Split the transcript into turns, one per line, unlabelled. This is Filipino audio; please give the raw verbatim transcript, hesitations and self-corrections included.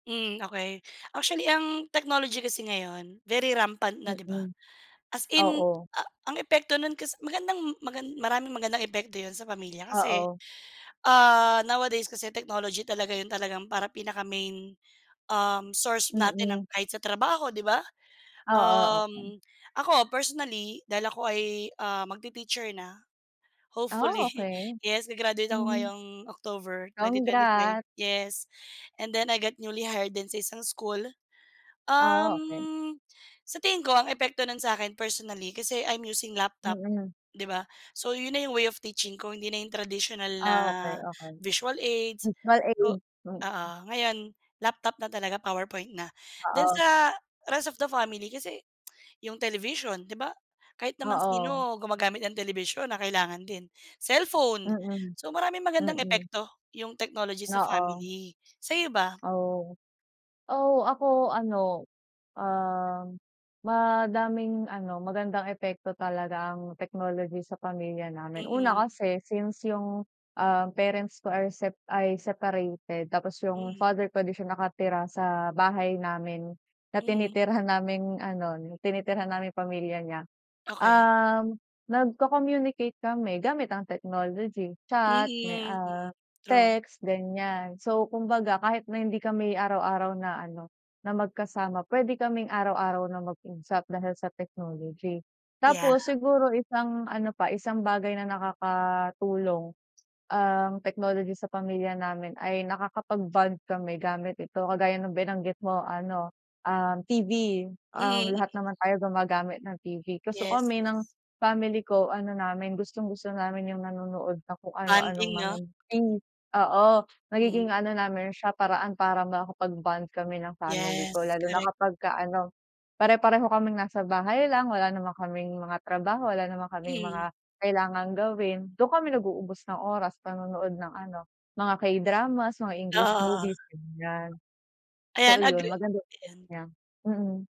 Mm, okey. Actually, ang technology kasi ngayon, very rampant na, 'di ba?
Mm,
As in,
oo.
a ang epekto nun kas magandang magan maraming magandang epekto 'yon sa pamilya kasi,
Oo.
ah, nowadays kasi technology talaga 'yon talagang parang pinaka main, um, source natin ng
Mm.
kahit sa trabaho, 'di ba?
Oo, okey.
Um, ako personally, dahil ako ay, ah, magti-teacher na,
Ah,
hopefully.
okey.
Yes, ga-graduate ako
Mhm.
ngayong October, twenty twenty-five.
Congrats.
Yes. And then I got newly hired din sa isang school,
Ah, okey.
um, sa tingin ko ang epekto nun sa'kin personally kasi, I'm using laptop,
Mm.
'di ba? So, yun na yung way of teaching ko hindi na yung traditional na
Ah, okey. Okey.
visual aids,
Visual
o
aid. Mm.
oo, ngayon laptop na talaga, powerpoint na. Then
Oo.
sa rest of the family, kasi yung television, di ba, kahit naman
Oo.
sino gumagamit ng television na kailangan din. Cellphone.
Mm.
So, maraming magandang
Mm.
epekto, yung technology sa
Oo.
family. Sa'yo, ba?
Oh. Oo, ako ano, um, madaming ano, magandang epekto talaga ang technology sa pamilya namin. Una,
Mm.
kasi since yung, ah, parents ko ay sep ay separated tapos yung
Mhm.
father ko 'di siya nakatira sa bahay namin na
Mm.
tinitirhan naming ano, tinitirhan naming pamilya niya.
Okey.
Um, nagko-communicate kami gamit ang technology. Chat, may
Mm,
ah,
mm, true.
text, ganyan. So, kumbaga kahit na hindi kami araw-araw na ano, na magkasama, pwede kaming araw-araw na mag-usap dahil sa technology.
Yeah.
Tapos siguro isang ano pa, isang bagay na nakakatulong ang technology sa pamilya namin ay nakakapag-bond kami gamit ito. Kagaya ng binanggit mo ano, um, TV. Um,
Mm. Mm.
lahat naman tayo gumagamit ng TV. Kaso
Yes,
kami
yes.
ng family ko ano namin, gustong-gusto namin yung nanonood ng kung ano-anong
Bonding,
mga
'no?
oo,
Hmm.
nagiging ano namin siya paraan para makapag-bond kami ng family ko
Yes,
lalo na
correct.
kapag ka ano, pare-pareho kaming nasa bahay lang, wala naman kaming mga trabaho, wala naman kaming
Mm.
mga kailangang gawin. 'Dun kami nag-uubos ng oras, panonood ng ano, mga K-dramas, mga English
Oo, oo.
movies, ganyan. So
Ayan,
ayun,
agree
maganda epekto
ayan.
niya. Mm.